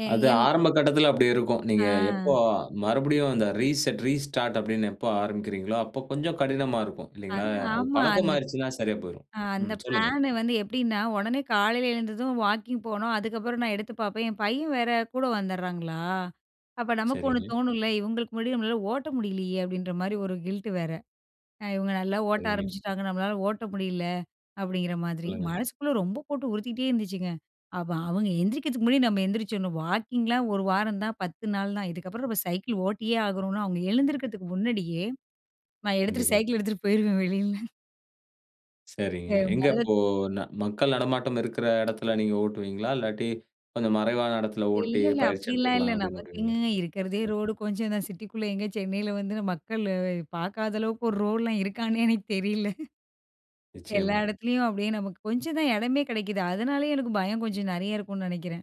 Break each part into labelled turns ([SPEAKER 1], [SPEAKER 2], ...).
[SPEAKER 1] ஏ
[SPEAKER 2] அது
[SPEAKER 1] என்.
[SPEAKER 2] ஆரம்ப கட்டத்தில அப்படி இருக்கும். நீங்க எப்போ
[SPEAKER 1] ஆ.
[SPEAKER 2] மறுபடியும் அந்த ரீசெட் ரீஸ்டார்ட் அப்படின்னு எப்போ ஆரம்பிக்கிறீர்களோ, அப்போ கொஞ்சம் கடினமா இருக்கும் இல்லைங்களா?
[SPEAKER 1] அது
[SPEAKER 2] அது
[SPEAKER 1] ஆமா.
[SPEAKER 2] பழக்கம்
[SPEAKER 1] அந்த ப்
[SPEAKER 2] ஆயிடுச்சுன்னா சரியா போய்ரும்.
[SPEAKER 1] ஆ அந்த
[SPEAKER 2] ம் சொல்லுங்க.
[SPEAKER 1] பிளானு வந்து எப்படின்னா உடனே காலையில எழுந்ததும் வாக்கிங் போணும், அதுக்கப்புறம் நான் எடுத்து பார்ப்பேன் என் பையன் வேற கூட வந்துடுறாங்களா. அப்போ நமக்கு ஒண்ணு
[SPEAKER 2] சரிங்க.
[SPEAKER 1] தோணும்ல இவங்களுக்கு முன்னாடி நம்மளால ஓட்ட முடியலையே அப்படின்ற மாதிரி. ஒரு கில்ட் வேற இவங்க நல்லா ஓட்ட
[SPEAKER 2] சரிங்க
[SPEAKER 1] ஆரம்பிச்சுட்டாங்க நம்மளால ஓட்ட முடியல அப்படிங்கிற மாதிரி
[SPEAKER 2] சொல்லுங்க.
[SPEAKER 1] மனசுக்குள்ளே ரொம்ப போட்டு உறுத்திட்டே இருந்துச்சுங்க. அப்போ அவங்க எந்திரிக்கிறதுக்கு முன்னாடி நம்ம எந்திரிச்சிடணும் வாக்கிங்லாம் 1 வாரம் தான் 10 நாள் தான் இதுக்கப்புறம் நம்ம சைக்கிள் ஓட்டியே ஆகணும்னா, அவங்க எழுந்துருக்கிறதுக்கு முன்னாடியே நான் எடுத்துட்டு
[SPEAKER 2] கண்டிப்பா.
[SPEAKER 1] சைக்கிள் எடுத்துகிட்டு போயிடுவேன் வெளில து
[SPEAKER 2] சரிங்க. எங்க
[SPEAKER 1] மொதல்ல த்
[SPEAKER 2] இப்போ ந மக்கள் நடமாட்டம் இருக்கற இடத்தில நீங்க ஓட்டுவீங்களா? இல்லாட்டி கொஞ்சம் மறைவான இடத்தில
[SPEAKER 1] இல்ல
[SPEAKER 2] ஓட்டி
[SPEAKER 1] இல்ல.
[SPEAKER 2] பயிற்சி
[SPEAKER 1] அப்படிலாம் இல்ல
[SPEAKER 2] எடுத்துக்கலாம் அப்படின்னு
[SPEAKER 1] நமக்கு
[SPEAKER 2] விடுவீங்களா?
[SPEAKER 1] எங்கேங்க இருக்கிறதே
[SPEAKER 2] [unintelligible]
[SPEAKER 1] ரோடு கொஞ்சம் தான் சிட்டிக்குள்ள, எங்க சென்னையில் வந்து, மக்கள் பார்க்காத அளவுக்கு ஒரு ரோடுலாம் இருக்கான்னே எனக்கு தெரில. எல்லா
[SPEAKER 2] நிச்சயமா.
[SPEAKER 1] இடத்துலயும் அப்படியே நமக்கு கொஞ்சம் தான் இடமே கிடைக்குது அதனாலயே எனக்கு பயம் கொஞ்சம் நிறைய இருக்கும்ன்னு நினைக்கிறேன்.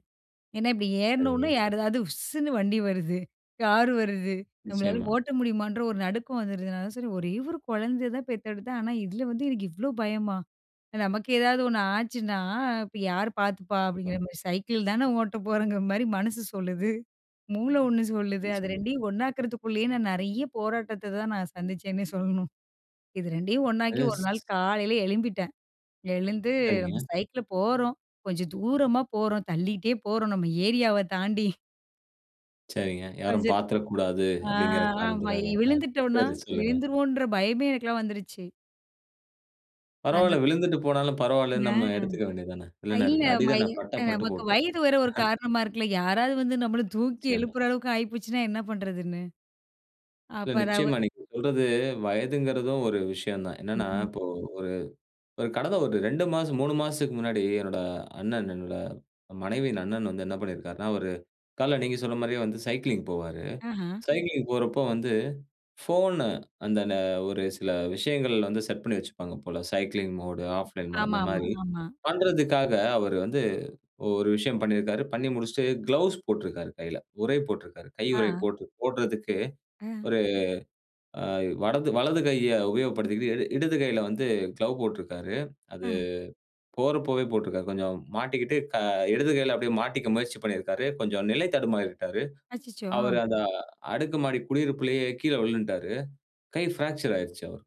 [SPEAKER 1] ஏன்னா இப்படி
[SPEAKER 2] சரிங்க.
[SPEAKER 1] ஏறினோன யாரதாவது உஸ்ன்னு வண்டி வருது, கார் வருது, நம்மளால
[SPEAKER 2] நிச்சயமா.
[SPEAKER 1] ஓட்ட முடியுமா என்ற ஒரு நடுக்கம் வந்துடுதுனால, சரி ஒரே ஒரு குழந்தைய தான் பெத்தெடுத்தேன் ஆனா இதில வந்து எனக்கு இவ்வளோ பயமா நமக்கு ஏதாவது ஒண்ணு ஆச்சுன்னா. இப்போ யார் பார்த்துப்பா அப்படிங்கிற
[SPEAKER 2] இப்பா.
[SPEAKER 1] மாரி சைக்கிள்தானே ஓட்ட போறோங்கிற மாதிரி மனசு சொல்லுது, மூளை ஒன்னு சொல்லுது. அது
[SPEAKER 2] ம். [unintelligible]
[SPEAKER 1] 2யும் ஒன்னாக்கிறதுக்குள்ளயே நான் நிறைய போராட்டத்த தான், நான் சந்திச்சேன்னே சொல்லணும் இது 2டயும் ஒன்னாக்கி
[SPEAKER 2] அது
[SPEAKER 1] ஒரு நாள்
[SPEAKER 2] ஸ்
[SPEAKER 1] காலையில் எழும்பிட்டேன். எழுந்து நம்ம
[SPEAKER 2] சரிங்க.
[SPEAKER 1] சைக்கிள்ல போகிறோம் கொஞ்சம் தூரமா போகிறோம் தள்ளிக்கிட்டே போறோம் நம்ம ஏரியாவ தாண்டி.
[SPEAKER 2] சரிங்க. யாரும்
[SPEAKER 1] [unintelligible]
[SPEAKER 2] பார்த்துடக்கூடாது
[SPEAKER 1] அ
[SPEAKER 2] அப்படிங்கிற
[SPEAKER 1] ஆ
[SPEAKER 2] காரணத்துக்காக. அ
[SPEAKER 1] விழுந்துட்டோம்னா
[SPEAKER 2] சரி சொல்லுங்க.
[SPEAKER 1] விழுந்துருவோம்ன்ற பயமே எனக்கெலாம் வந்துடுச்சு.
[SPEAKER 2] பரவாயில்ல
[SPEAKER 1] அந்த
[SPEAKER 2] விழுந்துட்டு போனாலும் பரவாயில்லன்னு
[SPEAKER 1] ஆ
[SPEAKER 2] நம்ம எடுத்துக்க வேண்டியது தான.
[SPEAKER 1] அ இல்ல
[SPEAKER 2] வில்லனருக்கு
[SPEAKER 1] மை
[SPEAKER 2] அடிதானே பட்டா பட்டு
[SPEAKER 1] நமக்கு
[SPEAKER 2] போட்டும்.
[SPEAKER 1] வயது வர ஒரு காரணமா இருக்குல்ல யாராவது வந்து நம்மள தூக்கி
[SPEAKER 2] நிச்சயமா.
[SPEAKER 1] எழுப்புற அளவுக்கு ஆகி போச்சுனா என்ன பண்ணுறதுன்னு.
[SPEAKER 2] இல்ல
[SPEAKER 1] அப்புறம்
[SPEAKER 2] நிச்சயமா.
[SPEAKER 1] அவங்
[SPEAKER 2] நீங்க சொல்றது வயதுங்கறதும் ஒரு விஷயம் தான்.
[SPEAKER 1] ம்,
[SPEAKER 2] என்னன்னா,
[SPEAKER 1] ம்.
[SPEAKER 2] இப்போ ஒரு கடந்த ஒரு 2 மாசம், 3 மாசத்துக்கு முன்னாடி என்னோட அண்ணன் என்னோட மனைவியின் அண்ணன் வந்து என்ன பண்ணியிருக்கிறாருன்னா, ஒரு காலையில நீங்க சொன்ன மாதிரியே வந்து சைக்கிளிங் போவாரு.
[SPEAKER 1] ஆஹா.
[SPEAKER 2] சைக்கிளிங் போறப்போ வந்து போன் அந்த ந ஒரு சில விஷயங்கள் வந்து செட் பண்ணி வச்சிப்பாங்க போல. சைக்கிளிங் மோட் ஆஃப்லைன் மோட்
[SPEAKER 1] ஆமா,
[SPEAKER 2] அந்த
[SPEAKER 1] ஆமா,
[SPEAKER 2] மாதிரி
[SPEAKER 1] ஆமா.
[SPEAKER 2] பண்ணுவதற்காக அவரு வந்து ஒரு விஷயம் பண்ணியிருக்கிறாரு. பண்ணி முடிச்சுட்டு கிளவ்ஸ் போட்டிருக்காரு கையில உறை போட்டிருக்கிறாரு. கை
[SPEAKER 1] ஆ.
[SPEAKER 2] உறை போட்டு போடுறதுக்கு,
[SPEAKER 1] ஆ.
[SPEAKER 2] ஒரு அ வடது வலது கையை உபயோகப்படுத்திக்கிட்டு, இட இடது கையில வந்து க்ளோவ் போட்டிருக்கிறாரு. அது
[SPEAKER 1] அஹ.
[SPEAKER 2] போறப்போவே போட்டிருக்கிறாரு. கொஞ்சம் மாட்டிக்கிட்டு க இடது கையில அப்படியே மாட்டிக்க முயற்சி பண்ணியிருக்காரு. கொஞ்சம் நிலை தடுமாறிவிட்டாரு.
[SPEAKER 1] அச்சச்சோ! ஆ.
[SPEAKER 2] அவரு அந்த அடுக்கு மாடி குடியிருப்புலயே கீழே விலுன்ட்டாரு. கை பிராக்சர் ஆயிடுச்சு அவருக்கு.